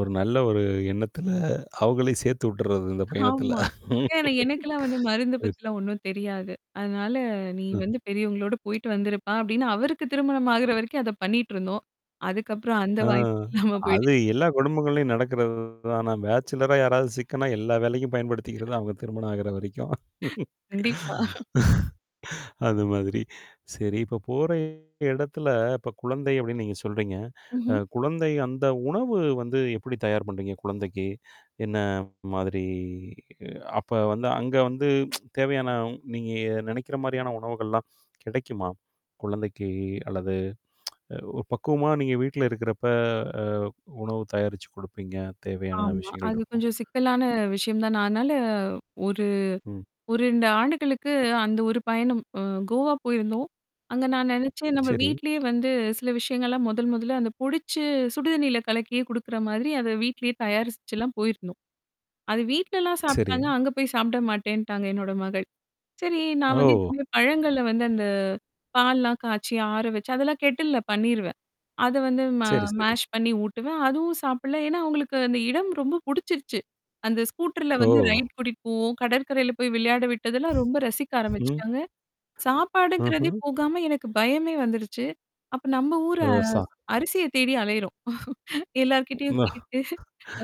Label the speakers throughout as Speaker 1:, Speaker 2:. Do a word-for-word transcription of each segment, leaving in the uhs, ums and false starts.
Speaker 1: ஒரு நல்ல ஒரு எண்ணத்துல அவுகளையும் சேர்த்து விட்டுர்றது, இந்தப் பயணத்துல.
Speaker 2: ஆமா. ஏன்னா, எனக்கெல்லாம் மருந்து
Speaker 1: சரி.
Speaker 2: பத்தி ஒன்னும் தெரியாது. அதனால, நீ
Speaker 1: ம்.
Speaker 2: வந்து பெரியவங்களோட போயிட்டு வந்துருப்பா! அப்பிடின்னு அவருக்குத் திருமணம் ஆகுற வரைக்கும், அத பண்ணிட்டு இருந்தோம். அதுக்கப்புறம் அந்த
Speaker 1: அ,
Speaker 2: வாய்ப்பு இல்லாம போயிடுச்சு.
Speaker 1: அது எல்லா குடும்பங்கள்லையும் நடக்கிறதுதான ஆனா பேச்சுலரா யாராவது சிக்குனா, எல்லா வேலைக்கும் பயன்படுத்திக்கிறது. அவுங்க திருமணம் ஆகிற வரைக்கும்.
Speaker 2: கண்டிப்பா.
Speaker 1: அது மாதிரி. சரி. இப்ப போற இடத்துல இப்ப குழந்தை அப்பிடின்னு நீங்க சொல்றீங்க. அ
Speaker 2: ம்ஹ்ம்.
Speaker 1: குழந்தை அந்த உணவு வந்து எப்பிடி தயார் பண்றீங்க, குழந்தைக்கு? என்ன மாதிரி அப்ப வந்து, அங்க வந்து தேவையான, நீங்க நினைக்கிற மாரியான உணவுகள்லாம் கிடைக்குமா? குழந்தைக்கு அல்லது அ ஒரு பக்குவமா நீங்க வீட்டுல இருக்கிறப்ப அ உணவு தயாரிச்சு குடுப்பீங்க. தேவையான
Speaker 2: ஆமா.
Speaker 1: விஷயங்கள்
Speaker 2: அது
Speaker 1: இருக்கும்
Speaker 2: கொஞ்சம் சிக்கலான விஷயம் தான். நான் அதனால, ஒரு,
Speaker 1: ம்.
Speaker 2: ஒரு ரெண்டு ஆண்டுகளுக்கு அந்த ஒரு பயணம் அ கோவா போயிருந்தோம். அங்க நான் நினைச்சேன். நம்ம
Speaker 1: சரி.
Speaker 2: வீட்டிலேயே வந்து சில விஷயங்கள் எல்லாம், முதல், முதல்ல அந்தப் பொடிச்சு சுடுதண்ணீல கலக்கியே குடுக்குறமாதிரி, அத வீட்டிலேயே தயாரிச்சு எல்லாம் போயிருந்தோம். அத வீட்டுலலாம்
Speaker 1: சரி.
Speaker 2: சாப்பிட்டாங்க. அங்க போய் சாப்பிட மாட்டேன்னுட்டாங்க, என்னோட மகள். சரி நான் வந்து
Speaker 1: ஓ!
Speaker 2: [unintelligible] பழங்கள்ல வந்து அந்த பால்லாம் காய்ச்சி, ஆற வச்சு அதெல்லாம் கெட்டில்ல பண்ணிருவேன். அத வந்து ம
Speaker 1: சரி, சரி.
Speaker 2: மேஷ் பண்ணி ஊட்டுவேன். அதுவும் சாப்பிடல. ஏன்னா, அவுங்களுக்கு அந்த இடம் ரொம்ப புடிச்சிருச்சு. அந்த ஸ்கூட்டர்ல
Speaker 1: ஓ!
Speaker 2: வந்து ரைட் கூட்டிட்டு போவோம். கடற்கரையில போய் விளையாட விட்டதெல்லாம் ரொம்ப ரசிக்க
Speaker 1: ம்.
Speaker 2: ஆரம்பிச்சிட்டாங்க. சாப்பாடுங்கிறதே
Speaker 1: ம்ஹ்ம்.
Speaker 2: போகாம, எனக்குப் பயமே வந்துருச்சு. அப்ப, நம்ம ஊரு
Speaker 1: ஓ!
Speaker 2: அ
Speaker 1: சா
Speaker 2: அரிசியத் தேடி அலையிறோம். எல்லார்கிட்டயும் கேட்டு,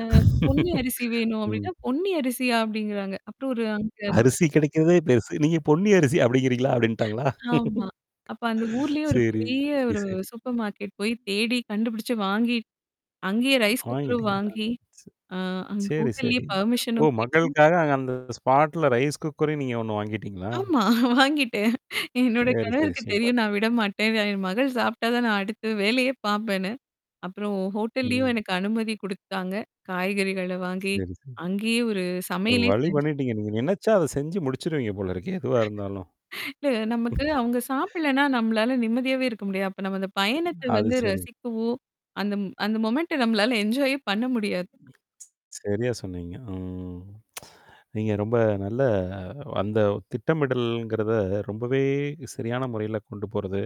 Speaker 2: "அ பொன்னி அரிசி வேணும்."
Speaker 1: ம்.
Speaker 2: அப்பிடீன்னா, "பொன்னி அரிசியா?" அப்பிடிங்கிறாங்க. அப்புறம், ஒரு அங்க
Speaker 1: "அரிசி கிடைக்குறதே பெருசு. நீங்க பொன்னி அரிசி அப்பிடிங்கறீங்களா?" அப்பிடின்டாங்களா?
Speaker 2: ஆமா. அப்போ அந்த ஊர்லயே ஒரு
Speaker 1: சரி,
Speaker 2: பெரிய ஒரு
Speaker 1: சரி.
Speaker 2: சூப்பர் மார்கெட் போயி, தேடி கண்டுபிடிச்சு, வாங்கி, அங்கயே ரைஸ் குக்கரும்
Speaker 1: வாங்கிட்டீங்களா?
Speaker 2: வாங்கி,
Speaker 1: சரி.
Speaker 2: அ அங்க
Speaker 1: சரி,
Speaker 2: ஹோட்டல்லயே
Speaker 1: சரி. ஓ!
Speaker 2: பெர்மிஷனும் கேட்டு
Speaker 1: மகளுக்காக அ அந்த ஸ்பாட்ல, ரைஸ் குக்கரே நீங்க ஒன்னு வாங்கிட்டீங்களா?
Speaker 2: ஆமா. வாங்கிட்டேன். என்னோட
Speaker 1: சரி, சரி.
Speaker 2: கணவருக்கு
Speaker 1: சூப்பர்.
Speaker 2: தெரியும். நான் விடமாட்டேன். என் மகள் சாப்பிட்டா தான், நான் அடுத்த வேலையே பார்ப்பேன்னு அப்புறம், ஹோட்டல்லயும்
Speaker 1: ம்.
Speaker 2: எனக்கு அனுமதி குடுத்தாங்க. காய்கறிகள வாங்கி,
Speaker 1: சரி, சரி.
Speaker 2: அங்கயே ஒரு
Speaker 1: ஒரு
Speaker 2: சமையலே
Speaker 1: வழி
Speaker 2: செஞ்சு
Speaker 1: பண்ணிட்டீங்க. நீங்க நினைச்சா, அதைச் செஞ்சு முடிச்சிடுவீங்க போல இருக்கே! எதுவா இருந்தாலும்.
Speaker 2: இல்ல. நமக்கு அவங்க சாப்பிடலன்னா நம்மளால நிம்மதியாவே இருக்க முடியாது. அப்ப, நம்ம அந்தப் பயணத்த
Speaker 1: அது
Speaker 2: வந்து
Speaker 1: சரி.
Speaker 2: ரசிக்கவோ! அந்த, அந்த மொமெண்ட்ட நம்மளால என்ஜாயே பண்ண முடியாது.
Speaker 1: சரியா சொன்னீங்க. ம். நீங்க ரொம்ப நல்ல அந்த திட்டமிடல்ங்கிறத ரொம்பவே சரியான முறையில கொண்டு போறது.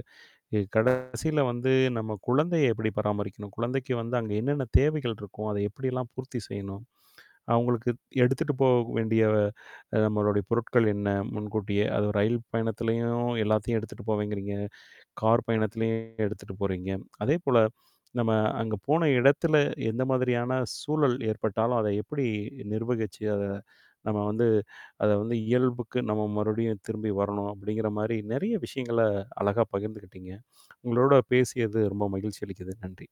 Speaker 1: இ கடைசில வந்து நம்ம குழந்தைய எப்பிடி பராமரிக்கணும்? குழந்தைக்கு வந்து அங்க என்னென்ன தேவைகள் இருக்கும்? அத எப்பிடி எல்லாம் பூர்த்தி செய்யணும்? அவுங்களுக்கு எடுத்துட்டு போக வேண்டிய, அ நம்மளுடைய பொருட்கள் என்ன? முன்கூட்டியே. அதுவும் ரயில் பயணத்துலயும் எல்லாத்தையும் எடுத்துட்டு போவேங்கறீங்க. கார் பயணத்துலயும் எடுத்துட்டு போறீங்க. அதே போல நம்ம அங்க போன இடத்துல எந்த மாதிரியான சூழல் ஏற்பட்டாலும், அதை எப்பிடி நிர்வகிச்சு, அத நம்ம வந்து அத வந்து இயல்புக்கு நம்ம மறுபடியும் திரும்பி வரணும் அப்பிடிங்கிறமாரி, நிறைய விஷயங்கள அழகா பகிர்ந்துக்கிட்டீங்க. உங்களோட பேசியது ரொம்ப மகிழ்ச்சி அளிக்கிறது. நன்றி.